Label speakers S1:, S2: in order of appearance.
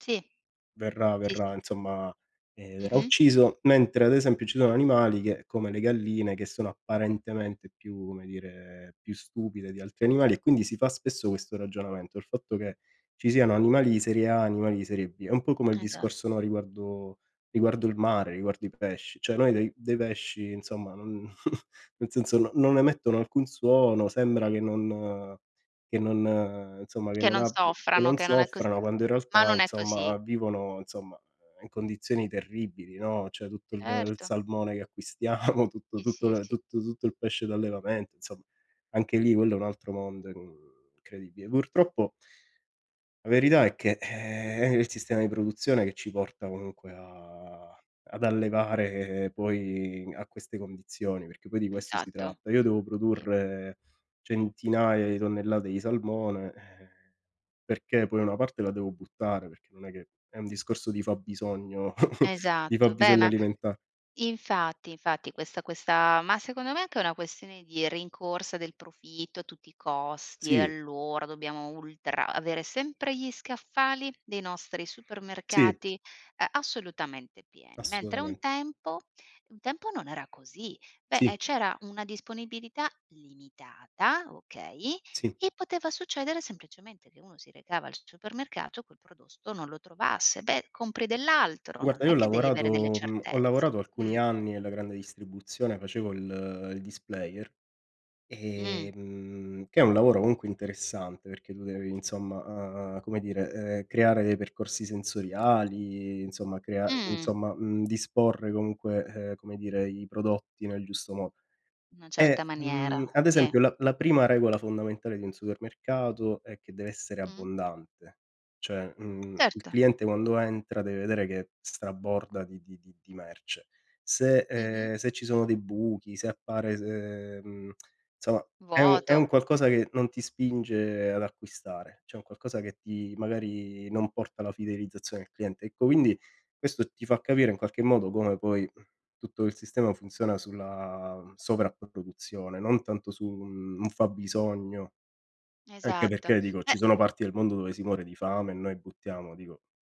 S1: Sì,
S2: Verrà
S1: sì, sì.
S2: verrà insomma, ehm, verrà
S1: Mh-mh.
S2: ucciso, mentre ad esempio ci sono animali che, come le galline, che sono apparentemente più, come dire, più stupide di altri animali e quindi si fa spesso questo ragionamento, il fatto che ci siano animali di serie A, animali di serie B. È un po' come il
S1: Esa
S2: discorso, no, riguardo riguardo il mare, riguardo i pesci. Cioè noi dei dei pesci insomma non nel senso no non emettono alcun suono, sembra che non che non insomma che
S1: Che
S2: non
S1: non
S2: abbi che
S1: soffrano,
S2: non
S1: che non è cos
S2: soffrano quando in
S1: ma
S2: realtà
S1: non è così.
S2: insomma vivono, insomma, in condizioni terribili, no, cioè tutto il il
S1: Certo.
S2: salmone che acquistiamo, tutto
S1: Sì,
S2: tutto
S1: sì,
S2: le
S1: sì.
S2: tutto tutto il pesce d'allevamento insomm Anche lì quello è un altro mondo, uhm, incredibile. Purtroppo la verità è che, ehm, è il sistema di produzione che ci porta comunque a ad allevare poi a queste condizioni, perché poi di questo si
S1: Esatto.
S2: tratta. Io devo
S1: Sì.
S2: produrre centinaia di tonnellate di salmone, ehm, perché poi una parte la devo buttare, perché non è che è un discorso di fabbisogno di
S1: Esatto. Beh
S2: fabbisogno
S1: ma
S2: alimenta
S1: infatti, infatti questa questa ma secondo me è anche una questione di rincorsa del profitto a tutti i costi e
S2: Sì.
S1: allora dobbiamo ultra avere sempre gli scaffali dei nostri
S2: Sì.
S1: supermercati, ehm, assolutamente pieni, mentre un
S2: Assolutament
S1: tempo un tempo non era così. Beh, eh,
S2: Sì.
S1: c'era una disponibilità limitata, okay,
S2: Sì.
S1: e poteva succedere semplicemente che uno si recava al s supermercato e quel prodotto non lo trovasse. Beh, compri dell'altro,
S2: Guarda,
S1: non
S2: io
S1: è
S2: ho
S1: che devi avere delle
S2: lavorato mhmm, ho
S1: certezze
S2: lavorato
S1: mh.
S2: alcuni anni nella grande distribuzione, facevo il il displayer,
S1: Mh.
S2: ehm, che è un lavoro comunque interessante perché tu devi insomma, uhm, come dire, ehm, creare dei percorsi sensoriali, insomma crea
S1: Mh.
S2: insomma, mhmm, disporre comunque, ehm, come dire, i prodotti nel giusto mo
S1: Una certa
S2: e, mhmm,
S1: maniera,
S2: ad
S1: sì.
S2: esempio la la prima regola fondamentale di un supermercato è che deve essere
S1: Mh.
S2: abbondante, cioè, mhmm, il
S1: Certo.
S2: cliente quando entra deve vedere che straborda di di di di merce. Se,
S1: Mh-mh.
S2: ehm, se ci sono dei buchi, se appare se mhmm, insomma è un è un
S1: Vuoto.
S2: qualcosa che non ti spinge ad acquistare, cioè è un qualcosa che ti magari non porta la fidelizzazione al cliente. Ecco, quindi, questo ti fa capire in qualche modo come poi tutto il sistema funziona sulla sovrapproduzione, non tanto su un un fabbisogno Anche
S1: Esatto,
S2: perché dico ci
S1: beh
S2: sono parti del mondo dove si muore di fame e noi buttiamo, dico mh